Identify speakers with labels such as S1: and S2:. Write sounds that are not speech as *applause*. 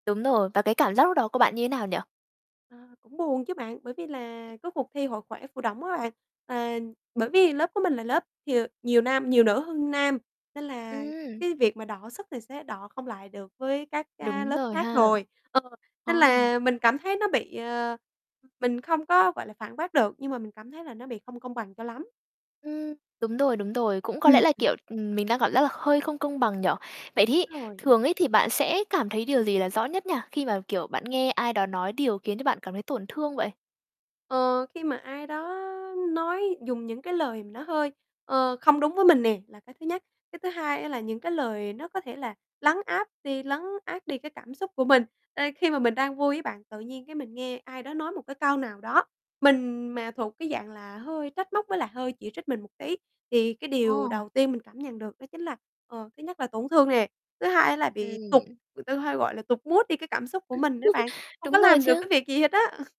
S1: Đúng rồi, và cái cảm giác lúc đó của bạn như nào nhỉ?
S2: Ờ, cũng buồn chứ bạn. Bởi vì là cái cuộc thi Hội khỏe Phù Đổng á bạn à bởi vì lớp của mình là lớp thì, ờ, nhiều nam nhiều nữ hơn nam, nên là
S1: Ừm.
S2: cái việc mà đọ sức thì sẽ đọ không lại được với các, a,
S1: Đúng
S2: lớp
S1: rồi
S2: khác
S1: ha.
S2: rồi. Ờ,
S1: Ồ.
S2: nên là mình cảm thấy nó bị, ờ, mình không có, gọi là, phản bác được nhưng mà mình cảm thấy là nó bị không công bằng cho lắm.
S1: Ừm. Đúng rồi, đúng rồi. Cũng có
S2: Ưm,
S1: lẽ là,
S2: ừm.
S1: kiểu, ừm, mình đang cảm giác là hơi không công bằng nhỉ. Vậy
S2: Đúng
S1: thí
S2: rồi.
S1: thường ấy thì bạn sẽ cảm thấy điều gì là rõ nhất nhỉ, khi mà, kiểu, bạn nghe ai đó nói điều khiến cho bạn cảm thấy tổn thương vậy?
S2: Ờ, khi mà ai đó nói dùng những cái lời mà nó hơi, ờ, không đúng với mình nè, là cái thứ nhất. Cái thứ hai á là những cái lời nó có thể là lấn áp đi lấn át đi cái cảm xúc của mình, ơ, khi mà
S1: Ừm.
S2: mình đang vui á bạn, tự nhiên cái mình nghe ai đó nói một cái câu nào đó, mình mà thuộc cái dạng là hơi trách móc với lại hơi chỉ trích mình một tí, thì cái điều
S1: Ồ.
S2: đầu tiên mình cảm nhận được đó chính là, ờ, thứ nhất là tổn thương nè, thứ hai á là bị tụt
S1: Ừm.
S2: người ta hay gọi là tụt mood đi cái cảm xúc
S1: Ừm.
S2: của
S1: *chuckles*
S2: mình đó bạn, hông có
S1: Đúng rồi
S2: làm được cái
S1: chứ.
S2: việc gì hết á. *laughs*